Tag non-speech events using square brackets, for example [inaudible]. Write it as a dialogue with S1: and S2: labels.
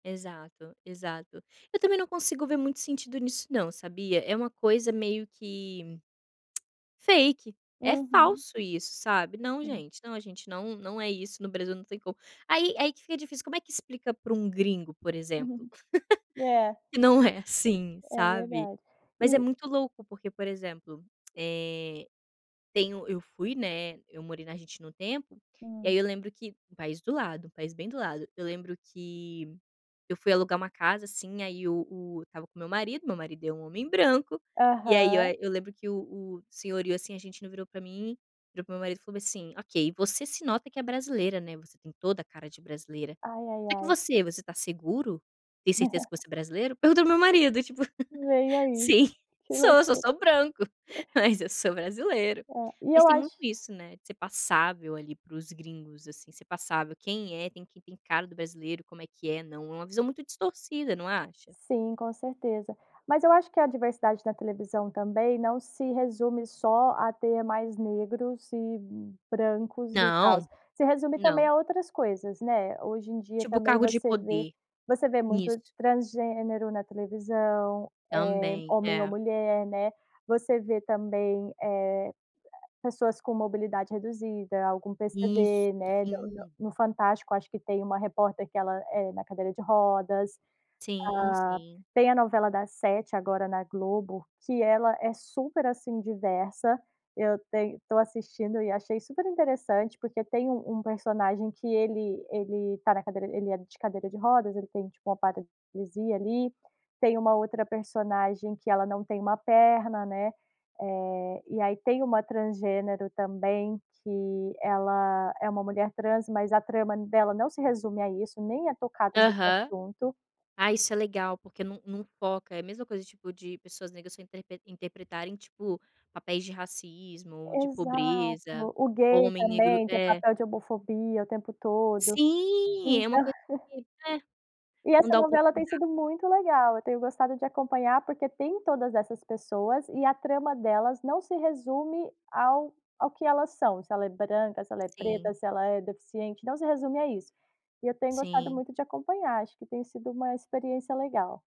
S1: Exato, exato, eu também não consigo ver muito sentido nisso não, sabia? É uma coisa meio que, [smacks lips] fake é
S2: Uhum.
S1: falso isso sabe. Não
S2: Hum.
S1: gente, não a gente não não é isso no Brasil não tem como, aí aí que fica difícil como é que explica para um gringo por exemplo.
S2: [chuckles]
S1: [chuckles]
S2: É.
S1: Que não é assim
S2: É
S1: sabe,
S2: verdade,
S1: Mas é
S2: e
S1: muito louco porque por exemplo, eh, tenho eu fui, né, eu morei na Argentina o tempo, e
S2: Hum.
S1: aí eu lembro que, um país do lado, país bem do lado, eu lembro que eu fui alugar uma casa assim aí o o estava com meu marido, meu marido é um homem branco, e aí eu
S2: Aham.
S1: eu lembro que o o senhorio assim [unintelligible] virou para mim, virou para meu marido e falou assim: "Ok, você se nota que é brasileira, né, você tem toda a cara de brasileira.
S2: Ai, ai,
S1: Será que
S2: ai.
S1: você, você está seguro? Tem certeza que
S2: [laughs]
S1: você é brasileiro?". Pergunto ao meu marido tipo:
S2: Nem ai,
S1: "Sim
S2: que
S1: sou, eu sou só
S2: loucura.
S1: branco,
S2: [unintelligible]
S1: mas eu sou brasileiro.",
S2: É, e
S1: mas
S2: eu
S1: tem muito
S2: acho
S1: isso, né, de ser passável ali para os gringos assim, ser passável quem é tem quem tem cara do brasileiro como é que é não é uma visão muito distorcida, não acha?
S2: Sim, com certeza. Mas eu acho que a diversidade da televisão também não se resume só a ter mais negros e brancos e tal,
S1: Não,
S2: se resume também
S1: não.
S2: a outras coisas, né, hoje em dia
S1: Tipo
S2: também
S1: cargo de
S2: você vê
S1: poder,
S2: você vê muito
S1: nisso.
S2: transgênero na televisão, eh,
S1: Também,
S2: homem ou
S1: é.
S2: mulher, né, você vê também, eh, pessoas com mobilidade reduzida, algum
S1: Isso,
S2: PCD né,
S1: sim.
S2: no Fantástico acho que tem uma repórter que ela, eh, na cadeira de rodas, ah,
S1: Sim, sim.
S2: tem a novela das 7 agora na Globo, que ela é super assim diversa, eu estou assistindo e achei super interessante porque tem um um personagem que ele ele está na cadeira, ele é de cadeira de rodas, ele tem tipo uma paralisia ali, tem um outra personagem que ela não tem uma perna né, eh, e aí tem uma transgênero também que ela é uma mulher trans mas a trama dela não se resume a isso, nem é tocada no
S1: Aham.
S2: assunto.
S1: Ah, isso é legal porque não não foca, é a mesma coisa tipo de pessoas negras se interprete interpretarem tipo, papéis de racismo, de
S2: Exato,
S1: pobreza,
S2: o
S1: ou
S2: gay
S1: homem negro
S2: também tem
S1: é.
S2: papel de homofobia o tempo todo, então.
S1: Sim, é uma coisa
S2: [chuckles]
S1: de é,
S2: E
S1: não
S2: essa
S1: dar
S2: novela tem
S1: oportunidade.
S2: sido muito legal, eu tenho gostado de acompanhar porque tem todas essas pessoas, e a trama delas não se resume ao ao que elas são, se ela é branca, se ela é
S1: Sim.
S2: preta, se ela é deficiente, não se resume a isso. E eu tenho gostado
S1: Sim.
S2: muito de acompanhar, acho que tem sido uma experiência legal.